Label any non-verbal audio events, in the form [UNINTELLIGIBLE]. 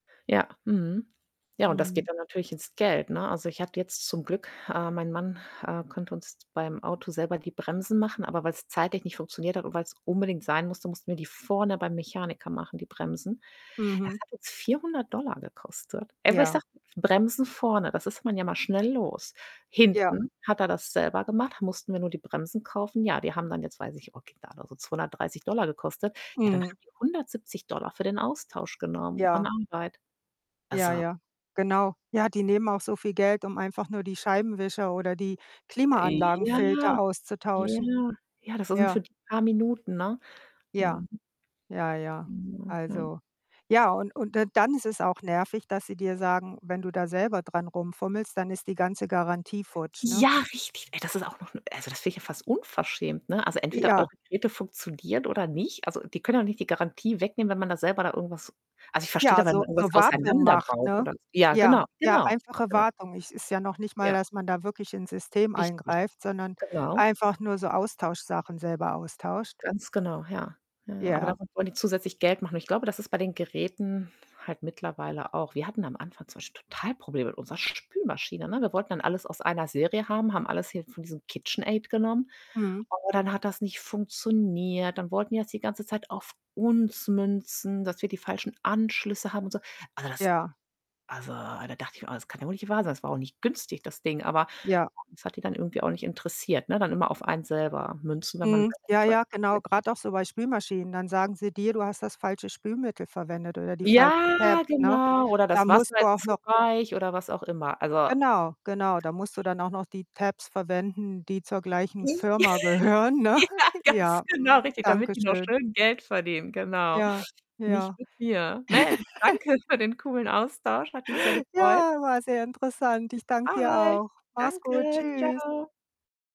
Ja, mhm. Ja, und das geht Mhm. dann natürlich ins Geld, ne? Also, ich hatte jetzt zum Glück äh, mein Mann, äh, konnte uns beim Auto selber die Bremsen machen, aber weil's zeitlich nicht funktioniert hat und weil's unbedingt sein musste, mussten wir die vorne beim Mechaniker machen, die Bremsen. Das Mhm. hat uns 400 $ gekostet, ey, wo ich Ja. sage, Bremsen vorne, das ist man ja mal schnell los. Ja. Hinten hat er das selber gemacht, da mussten wir nur die Bremsen kaufen. Ja, die haben dann jetzt, weiß ich okay, da hat er so 230 $ gekostet. Ja, dann Mhm. haben die 170 $ für den Austausch genommen an Ja. Arbeit. Ja, Also ja, genau. Ja, die nehmen auch so viel Geld, um einfach nur die Scheibenwischer oder die Ja, Klimaanlagenfilter ja, auszutauschen. ja, das ist [UNINTELLIGIBLE] Ja. für die paar Minuten, ne? Ja. Mhm. Ja, ja. [UNINTELLIGIBLE] Ja. Also ja und und dann ist es auch nervig, dass sie dir sagen: „Wenn du da selber dran rumfummelst, dann ist die ganze Garantie futsch“, ne? Ja, richtig. Ey, das ist auch noch 'n Also das finde ich ja fast unverschämt, ne? Also, entweder eure Ja. Geräte funktionieren, oder nicht. Also, die können ja auch nicht die Garantie wegnehmen, wenn man da selber da irgendwas also, ich verstehe da, Ja, weil so man irgendwas so Wartung macht, auseinanderbaut ne? oder ja, Ja, genau, ja, genau, einfache genau. Wartung. Es ist ja noch nicht mal, Ja. dass man da wirklich ins System Richtig, eingreift, sondern genau. einfach nur so Austauschsachen selber austauscht. Ganz genau, ja, ja, ja. Aber Ja. damit wollen die zusätzlich Geld machen und ich glaube, das ist bei den Geräten halt mittlerweile auch. Wir hatten am Anfang zum Beispiel total Probleme mit unserer Spülmaschine, ne? Wir wollten dann alles aus einer Serie haben, haben alles hier von diesem KitchenAid genommen, Mhm. aber dann hat das nicht funktioniert, dann wollten die das die ganze Zeit auf uns münzen, dass wir die falschen Anschlüsse haben und so. Also, das Ja. also da dachte ich mir: „Oh, das kann ja wohl nicht wahr sein.“ Das war auch nicht günstig, das Ding, aber Ja. das hat die dann irgendwie auch nicht interessiert, ne? Dann immer auf einen selber münzen, wenn man Mhm, selber ja, nicht weiter ja, genau. weiß, ne? Grad auch so bei Spülmaschinen, dann sagen sie dir: „Du hast das falsche Spülmittel verwendet oder die falschen Ja, Tabs“, ne? genau, oder Da das musst Wasser du ist auch zu noch weich, oder was auch immer. Also genau, genau, da musst du [UNINTELLIGIBLE] dann auch noch die Tabs verwenden, die zur gleichen J Firma [GIGGLES] gehören, ne? Ja, [CHUCKLES] ganz Ja, genau, mhm, richtig, danke damit die noch schön. schön Geld verdienen, genau. Ja, Nicht ja. mit mir. Mensch, [LAUGHS] danke für den coolen Austausch, hat mich sehr gefreut. Ja, war sehr interessant. Ich danke dir [UNINTELLIGIBLE] Ahoi. auch. Mach's gut. Danke. Tschüss. Tschau.